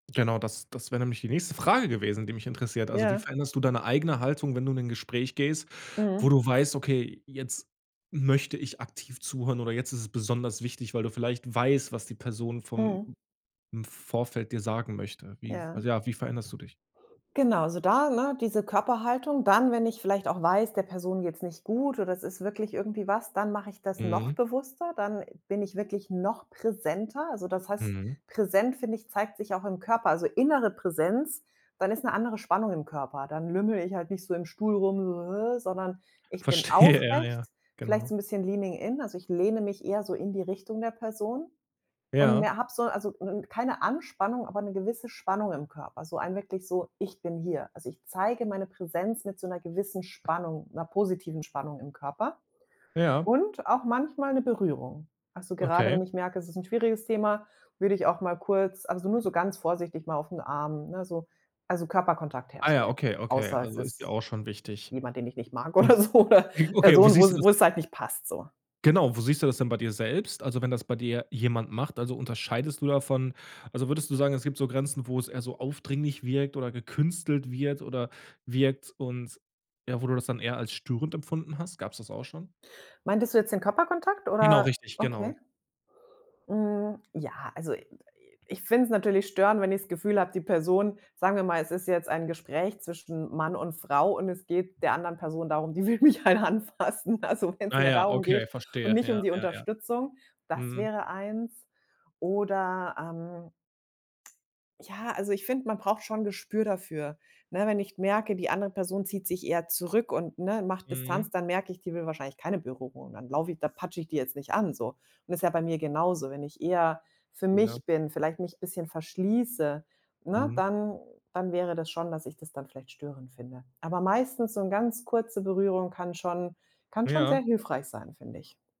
Genau, das das wäre nämlich die nächste Frage gewesen, die mich interessiert. Also, wie Ja. veränderst du deine eigene Haltung, wenn du in 'n Gespräch gehst, wo Mhm. du weißt: „Okay, jetzt möchte ich aktiv zuhören oder jetzt ist es besonders wichtig,“ weil du vielleicht weißt, was die Person vom Mhm. Vorfeld dir sagen möchte. Wie Ja. also, ja, wie veränderst du dich? Genau, so da, ne, diese Körperhaltung. Dann, wenn ich vielleicht auch weiß, der Person geht's nicht gut oder es ist wirklich irgendwie was, dann mache ich das noch Mhm. bewusster, dann bin ich wirklich noch präsenter. Also, das heißt Mhm. präsent, finde ich, zeigt sich auch im Körper, also, innere Präsenz. Dann ist 'ne andere Spannung im Körper. Dann lümmele ich halt nicht so im Stuhl rum, so, hä, sondern ich bin Verstehe, ja, ja, aufrecht, vielleicht genau. so 'n bisschen leaning in. Also, ich lehne mich eher so in die Richtung der Person und Ja. mehr habe so, also, keine Anspannung, aber 'ne gewisse Spannung im Körper, so ein wirklich so: „Ich bin hier.“ Also, ich zeige meine Präsenz mit so 'ner gewissen Spannung, 'ner positiven Spannung im Körper Ja. und auch manchmal 'ne Berührung. Also, gerade Okay. wenn ich merke, es ist 'n schwieriges Thema, würde ich auch mal kurz also, nur so ganz vorsichtig mal auf 'n Arm, ne, so, also, Körperkontakt Ah ja, herstellen, okay, okay, außer es also, ist dir ist auch schon wichtig. jemand, den ich nicht mag Und oder so oder w okay, wie Person, siehst du wo's das? wo es halt nicht passt so. Genau, wo siehst du das denn bei dir selbst? Also, wenn das bei dir jemand macht, also, unterscheidest du davon? Also, würdest du sagen, es gibt so Grenzen, wo es eher so aufdringlich wirkt oder gekünstelt wird oder wirkt und ja, wo du das dann eher als störend empfunden hast? Gab's das auch schon? Meintest du jetzt den Körperkontakt Genau, oder? richtig, genau. Okay. Hm, ja, also, i ich find's natürlich störend, wenn ich das Gefühl habe, die Person sagen wir mal, es ist jetzt ein Gespräch zwischen Mann und Frau und es geht der anderen Person darum, die will mich halt anfassen. Also, wenn's Ah mehr ja, darum okay, geht und verstehe. nicht Ja, um die ja, ja. Unterstützung. Das Mhm. wäre eins. Oder, ähm ja, also ich finde, man braucht schon Gespür dafür, ne? Wenn ich merke, die andere Person zieht sich eher zurück und, ne, macht Mhm. Distanz, dann merke ich, die will wahrscheinlich keine Berührung. Dann laufe ich da patsche ich die jetzt nicht an so. Ist ja bei mir genauso. Wenn ich eher für Ja. mich bin, vielleicht mich 'n bisschen verschließe, ne, Mhm. dann dann wäre das schon, dass ich das dann vielleicht störend finde. Aber meistens so 'n ganz kurze Berührung kann schon kann schon sehr Ja. hilfreich sein, finde ich.